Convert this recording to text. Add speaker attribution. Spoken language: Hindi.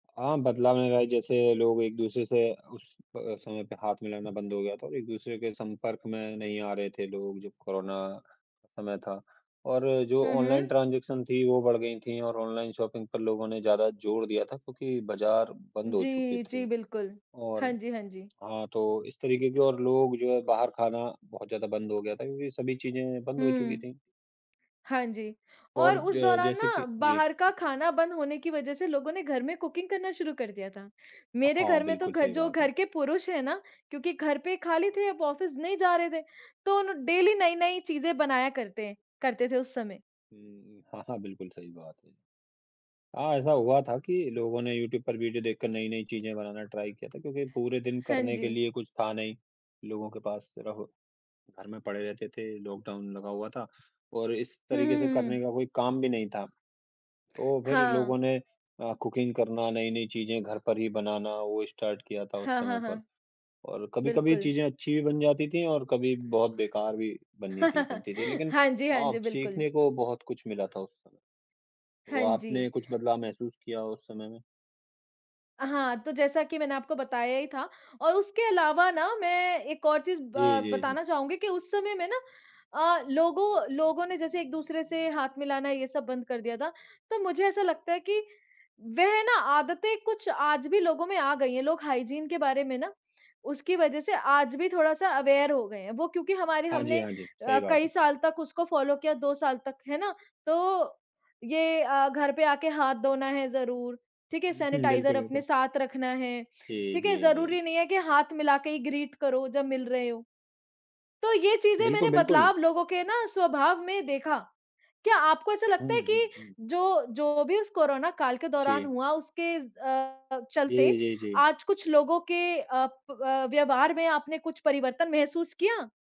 Speaker 1: हाँ, बदलाव में रहा जैसे लोग एक-दूसरे से उस अ, समय पे हाथ मिलाना बंद हो गया था, एक-दूसरे के संपर्क में नहीं आ रहे थे लोग, जब कोरोना का समय था और जो
Speaker 2: हुँ,
Speaker 1: ऑनलाइन
Speaker 2: हुँ।
Speaker 1: ट्रांजेक्शन थीं, वो बढ़ गईं थीं और ऑनलाइन शॉपिंग पर लोगों ने ज़्यादा जोर दिया था क्योंकि बजार बंद हो चुके
Speaker 2: जी,
Speaker 1: थे
Speaker 2: जी, बिल्कुल।
Speaker 1: और
Speaker 2: हाँ जी, हाँ जी।
Speaker 1: हाँ, तो इस तरीके के और लोग जो है बाहर खाना बहुत ज़्यादा बंद हो गया था क्योंकि सभी चीज़ें बंद हो चुकी
Speaker 2: हुँ।
Speaker 1: थीं।
Speaker 2: हाँ जी और
Speaker 1: और
Speaker 2: उस
Speaker 1: ज
Speaker 2: दौरान
Speaker 1: जैसे
Speaker 2: ना,
Speaker 1: कि जी।
Speaker 2: बाहर का खाना बंद होने की वज़ह से लोगों ने घर में कुकिंग करना शुरू कर दिया था। मेरे
Speaker 1: हाँ,
Speaker 2: घर में तो
Speaker 1: बिल्कुल
Speaker 2: घ
Speaker 1: सही
Speaker 2: जो
Speaker 1: बात
Speaker 2: घर
Speaker 1: है।
Speaker 2: के पुरुष हैं ना, क्योंकि घर पे खाली थे, अब ऑफ़िस नहीं जा रहे थे। तो ना डेली नई-नई चीज़ें बनाया करते हैं करते थे उस समय।
Speaker 1: हुँ, हुँ। हाँ, हाँ बिल्कुल सही बात है। हाँ, ऐसा हुआ था कि लोगों ने यूट्यूब पर वीडियो देखकर नई-नई चीज़ें बनाना ट्राई किया था क्योंकि पूरे दिन
Speaker 2: हाँ
Speaker 1: करने के
Speaker 2: जी।
Speaker 1: लिए कुछ था नहीं, लोगों के पास सिर्फ घर में पड़े रहते थे। लॉकडाउन लगा हुआ था और इस
Speaker 2: हुँ,
Speaker 1: तरीके
Speaker 2: हुँ,
Speaker 1: से
Speaker 2: हुँ,
Speaker 1: करने
Speaker 2: हुँ।
Speaker 1: का कोई काम भी नहीं था। तो फिर
Speaker 2: हाँ।
Speaker 1: लोगों ने अ, कुकिंग करना, नई-नई चीजें घर पर ही बनाना वो स्टार्ट किया था उस
Speaker 2: हाँ,
Speaker 1: समय
Speaker 2: हाँ,
Speaker 1: पर
Speaker 2: हाँ।
Speaker 1: और कभी-कभी
Speaker 2: बिल्कुल।
Speaker 1: चीज़ें अच्छी भी बन जाती थीं और कभी बहुत बेकार भी बन्नी थीं बनती थीं। लेकिन
Speaker 2: हाँ जी, हाँ
Speaker 1: हाँ,
Speaker 2: जी, बिल्कुल।
Speaker 1: सीखने को बहुत कुछ मिला था उस समय। तो
Speaker 2: हाँ
Speaker 1: आपने
Speaker 2: जी।
Speaker 1: कुछ बदलाव महसूस किया उस समय में?
Speaker 2: हाँ, तो जैसा कि मैंने आपको बताया ही था और उसके अलावा ना मैं एक और चीज़
Speaker 1: जी,
Speaker 2: ब
Speaker 1: जी, जी।
Speaker 2: बताना चाहूँगी कि उस समय में ना अ, लोगों लोगों ने जैसे एक-दूसरे से हाथ मिलाना ये सब बंद कर दिया था। तो मुझे ऐसा लगता है कि वह ना आदतें कुछ आज भी लोगों में आ गई हैं। लोग हाइजीन के बारे में ना उसकी वज़ह से आज भी थोड़ा-सा अवेयर हो गए हैं। वो क्योंकि हमारे
Speaker 1: हाँ जी,
Speaker 2: हमने
Speaker 1: हाँ जी। सही
Speaker 2: अ,
Speaker 1: बात
Speaker 2: कई
Speaker 1: है।
Speaker 2: साल तक उसको फ़ॉलो किया 2 साल तक है ना? तो ये अ, घर पे आके हाथ धोना है ज़रूर ठीक है,
Speaker 1: हुँ, हुँ,
Speaker 2: सेनिटाइज़र
Speaker 1: बिल्कुल,
Speaker 2: अपने
Speaker 1: बिल्कुल स
Speaker 2: साथ रखना है,
Speaker 1: जी,
Speaker 2: ठीक है,
Speaker 1: जी, जी।
Speaker 2: ज़रूरी नहीं है कि हाथ मिला के ही ग्रीट करो जब मिल रहे हो। तो यह चीज़ें
Speaker 1: बिल्कुल,
Speaker 2: मैंने
Speaker 1: बिल्कुल।
Speaker 2: बदलाव लोगों के ना स्वभाव में देखा। क्या आपको ऐसा लगता
Speaker 1: हुँ,
Speaker 2: है
Speaker 1: हुँ,
Speaker 2: कि
Speaker 1: हुँ।
Speaker 2: जो जो भी उस कोरोना काल के दौरान
Speaker 1: जी।
Speaker 2: हुआ उसके ज़ अ,
Speaker 1: जी,
Speaker 2: चलते
Speaker 1: जी, जी।
Speaker 2: आज कुछ लोगों के अ, प अ, व्यवहार में आपने कुछ परिवर्तन महसूस किया?